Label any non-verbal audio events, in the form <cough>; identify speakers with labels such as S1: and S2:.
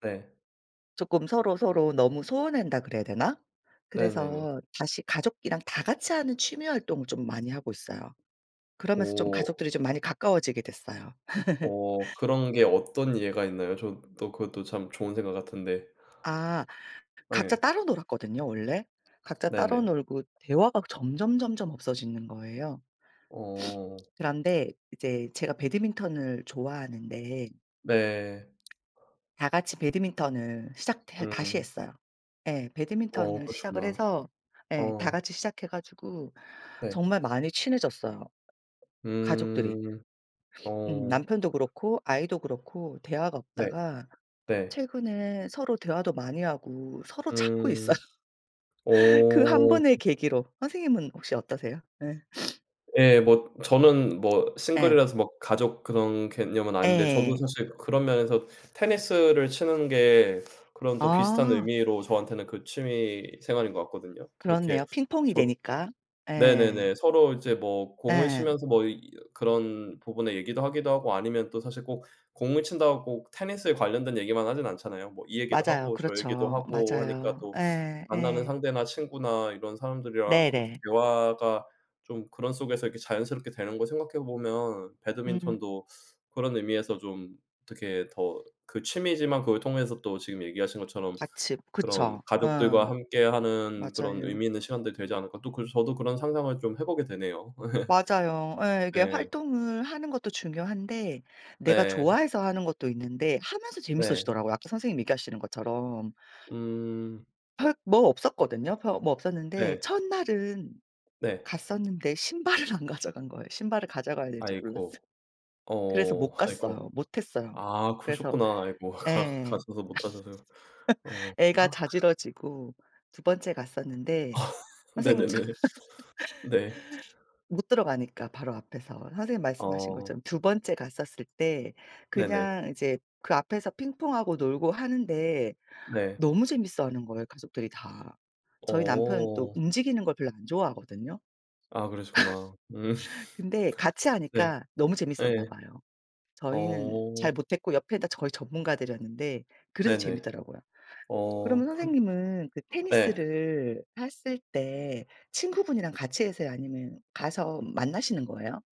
S1: 네.
S2: 쪼끔 서로서로 너무 소원한다 그래야 되나?
S1: 네네네.
S2: 그래서 다시 가족이랑 다 같이 하는 취미활동을 좀 많이 하고 있어요. 그러면서 좀
S1: 어.
S2: 가족들이 좀 많이 가까워지게 됐어요.
S1: 어.
S2: <laughs>
S1: 그런 게 어떤 예가 있나요? 저 또 그것도 참 좋은 생각 같은데.
S2: 아. 각자
S1: 예.
S2: 따로 놀았거든요 원래. 각자 따로
S1: 네네.
S2: 놀고 대화가 점점점점 없어지는 거예요. <sniffs>
S1: 어.
S2: 그런데 이제 제가 배드민턴을 좋아하는데
S1: 네.
S2: 다같이 배드민턴을 시작해 다시
S1: 음.
S2: 했어요. 예.
S1: 어
S2: 배드민턴을 시작을
S1: 그러셨구나.
S2: 해서 예
S1: 어.
S2: 다같이 시작해 가지고
S1: 네.
S2: 정말 많이 친해졌어요 가족들이.
S1: 음.
S2: <sniffs> 음.
S1: 어.
S2: 남편도 그렇고 아이도 그렇고 대화가
S1: 네.
S2: 없다가
S1: 네.
S2: 최근에 서로 대화도 많이 하고 서로 찾고 있어요
S1: 음.
S2: 그 한
S1: 어.
S2: 번의 계기로. 선생님은 혹시 어떠세요? 예. <sniffs>
S1: 예. 뭐 저는 뭐
S2: 예.
S1: 싱글이라서 뭐 가족 그런 개념은 아닌데 저도
S2: 예예.
S1: 사실 그런 면에서 테니스를 치는 게 그런 또 비슷한
S2: 아.
S1: 의미로 저한테는 그 취미 생활인 것 같거든요. 그렇게
S2: 그렇네요. 핑퐁이
S1: 저
S2: 되니까. 예.
S1: 네네네 서로 이제 뭐 공을
S2: 예.
S1: 치면서 뭐 이 그런 부분의 얘기도 하기도 하고 아니면 또 사실 꼭 공을 친다고 테니스에 관련된 얘기만 하진 않잖아요. 뭐 이 얘기도
S2: 맞아요.
S1: 하고 저 얘기도
S2: 그렇죠.
S1: 하고 하니까
S2: 맞아요.
S1: 또
S2: 예.
S1: 만나는
S2: 예.
S1: 상대나 친구나 이런 사람들이랑 그렇게
S2: 네네.
S1: 대화가 좀 그런 속에서 이렇게 자연스럽게 되는 거 생각해 보면
S2: 음.
S1: 배드민턴도 그런 의미에서 좀 어떻게 더 그 취미지만 그걸 통해서 또 지금 얘기하신 것처럼
S2: 아침.
S1: 그런
S2: 그쵸. 어.
S1: '가족들과 함께하는 그런
S2: 맞아요.
S1: 의미있는 시간들이 되지 않을까.' 또 그래서 저도 그런 상상을 좀 해 보게 되네요. <laughs>
S2: 맞아요. 예 이게
S1: 네.
S2: 활동을 하는 것도 중요한데 내가
S1: 네.
S2: 좋아해서 하는 것도 있는데 하면서
S1: 네.
S2: 재밌어지더라고요 아까 선생님 얘기하시는 것처럼.
S1: 음.
S2: 별 뭐 없었거든요. 별 뭐 없었는데
S1: 네.
S2: 첫날은
S1: 네.
S2: 갔었는데 신발을 안 가져간 거예요. 신발을 가져가야 되는지 몰랐어요.
S1: 아이고.
S2: 그래서
S1: 어.
S2: 못
S1: 아이고.
S2: 갔어요. 못 했어요.
S1: 아
S2: 그래서
S1: 그러셨구나. 아이고 가
S2: 예
S1: 가셔서 못 하셔서. 어.
S2: <laughs> 애가
S1: <gasps>
S2: 자지러지고 2번째 갔었는데
S1: <laughs>
S2: 선생님 처
S1: 네네네. 네.
S2: <laughs> 못 들어가니까 바로 앞에서 선생님이 말씀하신
S1: 어.
S2: 것처럼. 2번째 갔었을 때
S1: 네네.
S2: 그냥 이제 그 앞에서 핑퐁하고 놀고 하는데
S1: 네.
S2: 너무 재밌어하는 거예요 가족들이 다. 저희 남편도
S1: 어.
S2: 움직이는 걸 별로 안 좋아하거든요.
S1: 아 그러시구나. 음.
S2: <laughs> 근데 같이
S1: 네.
S2: 하니까 너무 재밌었나
S1: 예.
S2: 봐요. 저희는
S1: 어.
S2: 잘 못했고 옆에 다 거의 전문가들이였는데 그래도
S1: 네네.
S2: 재밌더라고요.
S1: 어.
S2: 그러면
S1: 그러
S2: 선생님은 그
S1: 예.
S2: 테니스를 했을 때 친구분이랑 같이 하세요? 아니면 가서 만나시는 거에요?